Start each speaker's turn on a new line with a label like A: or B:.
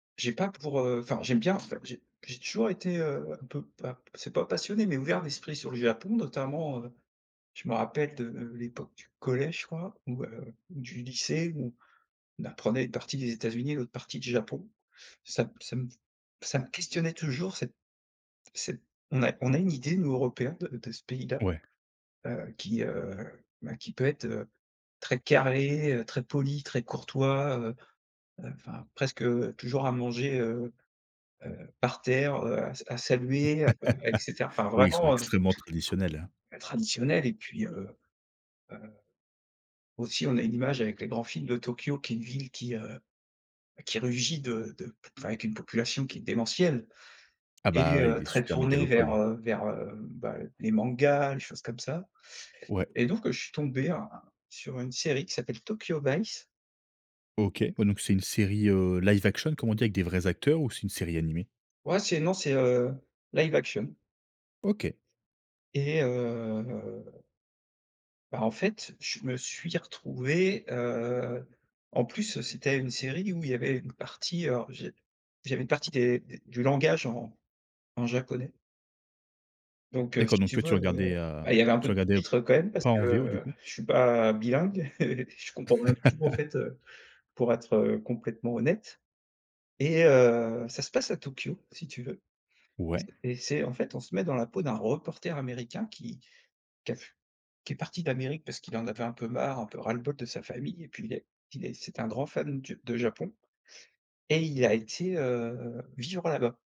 A: J'ai pas pour, heu, enfin j'aime bien enfin j'ai j'ai toujours été, heu, un peu pas p c'est pas passionné mais ouvert d'esprit sur le Japon. Notamment, heu, je me rappelle de l'époque du collège je crois ou, heu, ou du lycée où on apprenait une partie des États-Unis, l'autre partie du Japon. Ça me ça me ça me questionnait toujours, cette cette on a on a une idée nous européens de de ce pays-là,
B: Ouais.
A: heu, qui, heu, bah, qui peut être, heu, très carré, heu, très poli, très courtois, heu, heu, enfin presque toujours à manger, heu, heu, par terre, heu, à sa à saluer [unintelligible] et cetera. Enfin
B: Oui, ils sont
A: vraiment, heu,
B: extrêmement traditionnels, hein?
A: traditionnel et puis, heu, heu, aussi on a une image avec les grands films de Tokyo qui est une ville qui, heu, ben qui rugit de de p enfin avec une population qui est démentielle
B: Ah bah
A: et heu,
B: oui,
A: très
B: super
A: tournée
B: mégalopole,
A: vers,
B: hein.
A: heu, vers, heu, bah les mangas, les choses comme ça
B: Ouais.
A: et donc, heu, je suis tombé, heu, sur une série qui s'appelle Tokyo Vice.
B: OK, ouais donc c'est une série, heu, live action comme on dit, avec des vrais acteurs ou c'est une série animée?
A: Ouais c'est non, c'est heu, live action.
B: OK.
A: Et heu ben en fait, je me suis retrouvé, heu en plus c'était une série où il y avait une partie, heu alors j'ai j'avais une partie des des du langage en en japonais. Donc heu,
B: D'accord,
A: si
B: donc
A: tu
B: toi tu
A: veux, heu,
B: regardais, heu,
A: ben il y avait un
B: tu
A: peu de
B: regardais
A: sous-titres, heu, quand même parce
B: pas en VO du
A: que
B: coup?
A: je suis pas bilingue, je comprends rien du tout en fait pour être, heu, complètement honnête et heu, ça se passe à Tokyo si tu veux
B: Ouais.
A: et c'est en fait on se met dans la peau d'un reporter américain qui qui a fu qui est parti d'Amérique parce qu'il en avait un peu marre, un peu ras-le-bol de sa famille et puis il est il est c'est un grand fan du de Japon et il a été, heu, vivre là-bas.